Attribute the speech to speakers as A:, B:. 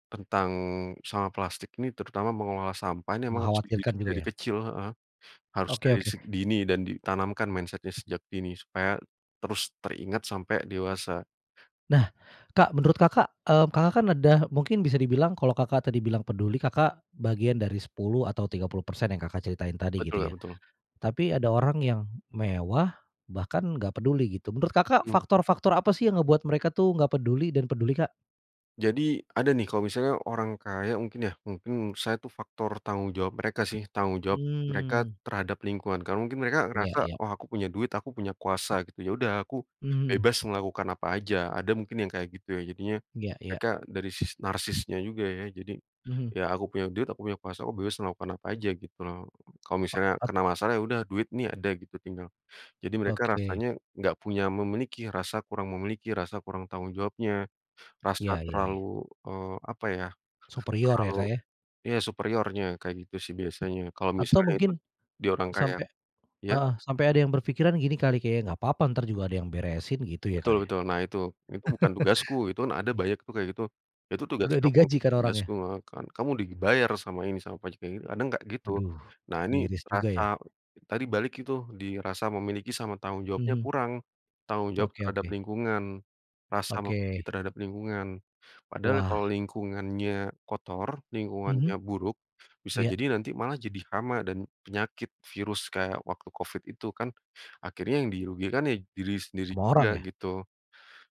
A: Tentang sama plastik ini, terutama mengolah sampah ini, emang harus
B: Mengkhawatirkan
A: dididik
B: juga
A: dari
B: ya.
A: kecil, heeh. Harus
B: Oke
A: dari
B: oke.
A: seg dini dan ditanamkan mindset-nya sejak dini, supaya terus teringat sampai dewasa.
B: Nah, Kak, menurut Kakak, eee, Kakak kan ada, mungkin bisa dibilang kalau Kakak tadi bilang peduli Kakak, bagian dari 10 atau 30% yang, Kakak ceritain tadi
A: Betul,
B: gitu
A: Kak,
B: ya.
A: betul.
B: Tapi ada orang yang mewah bahkan enggak peduli gitu. Menurut Kakak,
A: Mhm.
B: faktor-faktor apa sih yang ngebuat mereka tuh enggak peduli dan peduli, Kak?
A: Jadi, ada nih, kalau misalnya orang kaya mungkin ya, mungkin menurut saya tuh faktor tanggung jawab mereka sih, tanggung jawab mereka
B: Mmm.
A: terhadap lingkungan. Karena mungkin mereka
B: Iya,
A: ngerasa,
B: iya.
A: "Oh aku punya duit, aku punya kuasa gitu ya udah aku
B: Mhm.
A: bebas melakukan apa aja," ada mungkin yang kayak gitu ya. Jadinya
B: Iya iya.
A: mereka dari sisi narsisnya juga ya. Jadi
B: Mhm.
A: ya, "Aku punya duit aku punya kuasa, oh bebas melakukan apa aja," gitu loh. Kalau
B: O
A: misalnya
B: ot
A: kena masalah, ya udah duit nih ada gitu tinggal, jadi mereka
B: Oke.
A: rasanya enggak punya memiliki, rasa kurang memiliki, rasa kurang tanggung jawabnya. Rasa
B: Iya iya iya.
A: terlalu, eee, apa ya,
B: Superior ya,
A: terlalu
B: Kak, ya?
A: ya superiornya kayak gitu sih, biasanya, kalau
B: Atau
A: misalnya itu
B: mungkin,
A: dia orang kaya.
B: sampai
A: Iya?
B: heeh. Sampai ada yang berpikiran gini kali kayak, "Enggak apa-apa ntar juga ada yang beresin," gitu ya,
A: Betul
B: Kak, ya.
A: betul. Nah itu, "Itu bukan tugasku," itu kan ada banyak tuh kayak gitu. "Itu tugas
B: Udah
A: kamu,
B: digaji
A: bukan
B: kan
A: tugasku,"
B: orangnya.
A: heeh kan. "Kamu sudah dibayar sama ini sama pajak," kayak gitu. Kadang enggak gitu.
B: Aduh,
A: Nah ini,
B: miris juga
A: rasa,
B: ya.
A: tadi balik itu, di rasa memiliki sama tanggung jawabnya
B: Mhm.
A: kurang. Tanggung jawab
B: Oke
A: terhadap
B: oke.
A: lingkungan, rasa mengakui
B: Oke.
A: terhadap lingkungan. Padahal
B: Wah.
A: kalau lingkungannya kotor, lingkungannya
B: Mhm.
A: buruk, bisa
B: Iya.
A: jadi nanti malah jadi hama dan penyakit, virus, kayak waktu covid itu kan. Akhirnya yang dirugikan ya, diri sendiri
B: Semua
A: juga,
B: orang ya?
A: gitu.